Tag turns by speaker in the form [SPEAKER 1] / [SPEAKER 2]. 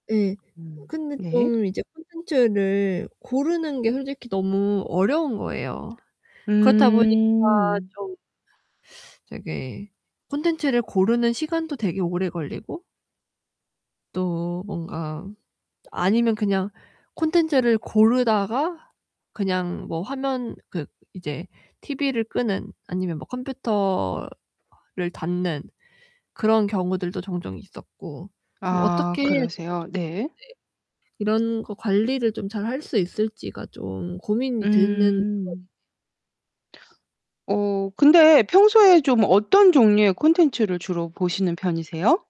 [SPEAKER 1] 예,
[SPEAKER 2] 음
[SPEAKER 1] 근데
[SPEAKER 2] 네.
[SPEAKER 1] 좀 이제 콘텐츠를 고르는 게 솔직히 너무 어려운 거예요. 그렇다 보니까
[SPEAKER 2] 음.
[SPEAKER 1] 좀 되게 콘텐츠를 고르는 시간도 되게 오래 걸리고 또 뭔가 아니면 그냥 콘텐츠를 고르다가 그냥 뭐 화면 그 이제 TV를 끄는 아니면 컴퓨터를 닫는 그런 경우들도 종종 있었고 좀
[SPEAKER 2] 아
[SPEAKER 1] 어떻게 해야 제가
[SPEAKER 2] 그러세요.
[SPEAKER 1] 좀 네.
[SPEAKER 2] 네.
[SPEAKER 1] 이런 거 관리를 좀 잘 할 수 있을지가 좀 고민이 되는 [unintelligible]
[SPEAKER 2] 음. 어, 근데 평소에 좀 어떤 종류의 콘텐츠를 주로 보시는 편이세요?